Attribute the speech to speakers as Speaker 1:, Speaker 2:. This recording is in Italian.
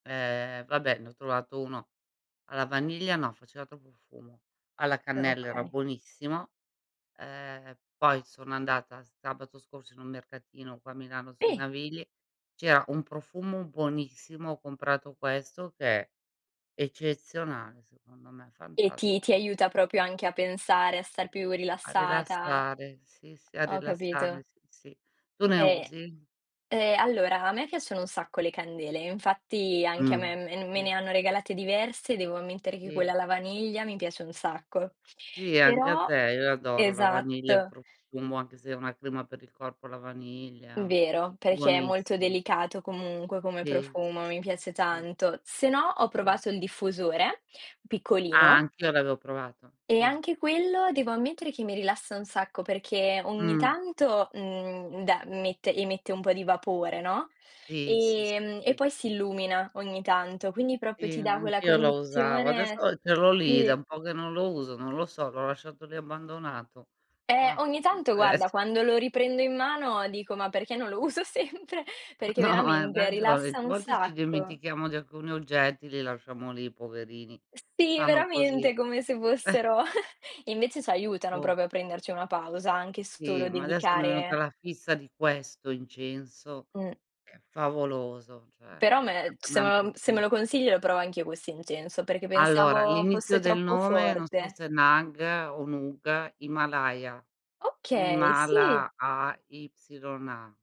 Speaker 1: Ehm, vabbè, ne ho trovato 1 alla vaniglia. No, faceva troppo fumo. Alla
Speaker 2: Eh,
Speaker 1: cannella era
Speaker 2: okay.
Speaker 1: buonissimo, ehm, poi sono andata sabato scorso in un mercatino, qua a Milano sui
Speaker 2: Si.
Speaker 1: Navigli, c'era un profumo buonissimo, ho comprato questo che è eccezionale secondo me,
Speaker 2: E ti ti
Speaker 1: fantastico.
Speaker 2: aiuta, proprio anche a pensare, a star più
Speaker 1: A
Speaker 2: rilassata?
Speaker 1: rilassare, sì, sì a
Speaker 2: Ho
Speaker 1: rilassarmi,
Speaker 2: capito.
Speaker 1: s sì. Tu ne
Speaker 2: E
Speaker 1: usi?
Speaker 2: e allora, a me piacciono un sacco le candele, infatti anche a
Speaker 1: Mh,
Speaker 2: me mem me
Speaker 1: sì.
Speaker 2: ne hanno regalate diverse, devo ammettere che quella
Speaker 1: Sì.
Speaker 2: alla vaniglia mi piace un sacco.
Speaker 1: Sì? Anche a
Speaker 2: Però
Speaker 1: te? Io adoro la vaniglia, il
Speaker 2: esatto.
Speaker 1: profumo, anche se è una crema per il corpo alla vaniglia,
Speaker 2: Vero, perché è molto
Speaker 1: buonissim
Speaker 2: delicato comunque come
Speaker 1: Sì,
Speaker 2: profumo,
Speaker 1: sì,
Speaker 2: mi
Speaker 1: sì,
Speaker 2: piace
Speaker 1: sì, sì.
Speaker 2: tanto. Se no, ho
Speaker 1: Sì.
Speaker 2: provato il diffusore,
Speaker 1: Ah,
Speaker 2: piccolino
Speaker 1: anch'io l'avevo provato,
Speaker 2: e
Speaker 1: sì.
Speaker 2: anche quello, devo ammettere che mi rilassa un sacco, perché ogni
Speaker 1: Mh.
Speaker 2: tanto, mhmm, de met emette un po' di vapore, no,
Speaker 1: Sì, si, si,
Speaker 2: ehm, e
Speaker 1: si.
Speaker 2: poi si illumina ogni tanto, quindi, proprio
Speaker 1: Sì,
Speaker 2: ti dà quella
Speaker 1: anch'io lo usavo. Adesso
Speaker 2: condizione
Speaker 1: ce l'ho lì, è da
Speaker 2: sì.
Speaker 1: un po' che non lo uso, non lo so, l'ho lasciato lì abbandonato.
Speaker 2: Eh,
Speaker 1: Mah,
Speaker 2: ogni
Speaker 1: può
Speaker 2: tanto guarda,
Speaker 1: esse
Speaker 2: quando lo riprendo in mano dico: "Ma perché non lo uso sempre?" Perché
Speaker 1: No, hai
Speaker 2: veramente
Speaker 1: ragione. A
Speaker 2: rilassa un
Speaker 1: volte ci
Speaker 2: sacco.
Speaker 1: dimentichiamo di alcuni oggetti, li lasciamo lì poverini.
Speaker 2: Sì,
Speaker 1: Stanno così.
Speaker 2: veramente, come se fossero invece ci aiutano,
Speaker 1: O
Speaker 2: proprio a prenderci una pausa, anche
Speaker 1: Sì,
Speaker 2: solo
Speaker 1: ma adesso mi è venuta
Speaker 2: dedicare
Speaker 1: la fissa di questo incenso,
Speaker 2: Mh.
Speaker 1: che è favoloso,
Speaker 2: Però
Speaker 1: cioè
Speaker 2: me se
Speaker 1: [unintelligible] un
Speaker 2: meo se me
Speaker 1: profumo
Speaker 2: lo consigli, lo provo anch'io questo incenso, perché
Speaker 1: Allora,
Speaker 2: pensavo fosse
Speaker 1: l'inizio del
Speaker 2: troppo
Speaker 1: nome, non so
Speaker 2: forte.
Speaker 1: se è nag o nug, Himalaya.
Speaker 2: Okay, sì.
Speaker 1: Himala AYA